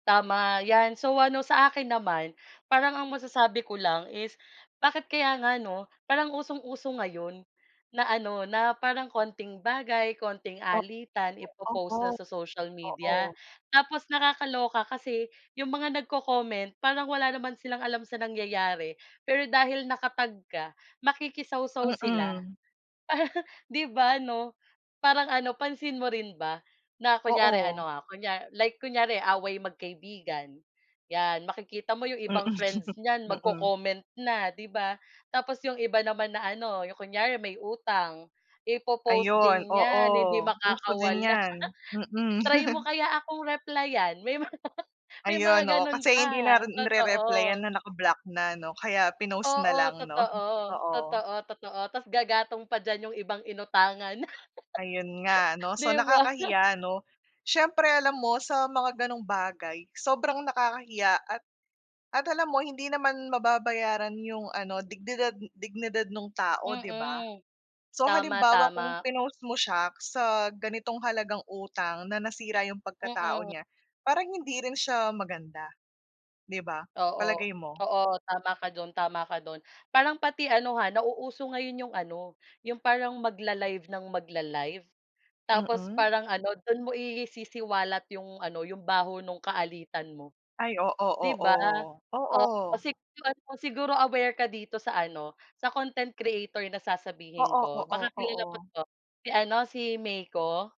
Tama 'yan. So ano sa akin naman parang ang masasabi ko lang is bakit kaya nga 'no, parang usong-uso ngayon na ano na parang konting bagay konting O alitan i-po-post na oo, sa social media. oo. Tapos nakakaloka kasi 'yong mga nag-co-comment parang wala naman silang alam sa nangyayari, pero dahil naka-tag ka makikisawsaw sila. Mm. Di ba 'no parang ano pansin mo rin ba na kunyari Oo. ano ha kunya like kunyari away magkaibigan 'yan makikita mo 'yong Mm, ibang friends niyan mm. mag-co-comment na 'di ba. Tapos 'yong iba naman na ano 'yong kunyari may utang i-po-post Ayun din oo, 'yan hindi uso din makakawala, yan, mm. "Try mo kaya akong replyan," may mga may mga Ayun oo, ganun kasi hindi na pa, rin rereplyan totoo. na naka-block na ano, kaya pinost na Oo, lang 'no, totoo, oo. totoo, totoo tas gagatong pa diyan yung ibang inutangan. Ayun nga 'no. So Di ba? nakakahiya 'no, siyempre alam mo sa mga ganong bagay sobrang nakakahiya at at alam mo hindi naman mababayaran 'yong ano dignidad dignidad nung tao 'di ba? Mm, So tama, halimbawa kung tama. pinost mo siya sa ganitong halagang utang na nasira 'yong pagkatao Mm. niya parang hindi rin siya maganda, 'di ba? Oo, Palagay mo? oo tama ka do'n tama ka do'n parang pati ano ha nauuso ngayon 'yong ano 'yong parang mag-la-live ng mag-la-live tapos Mm. parang ano do'n mo isisiwalat 'yong ano 'yong baho nung kaalitan mo. Ay, oo, 'Di ba? oo. Oo Oo. siguro ano, siguro aware ka dito sa ano sa content creator na sasabihin Oo, ko oo, baka kilala mo oo. 'to si ano si Meiko.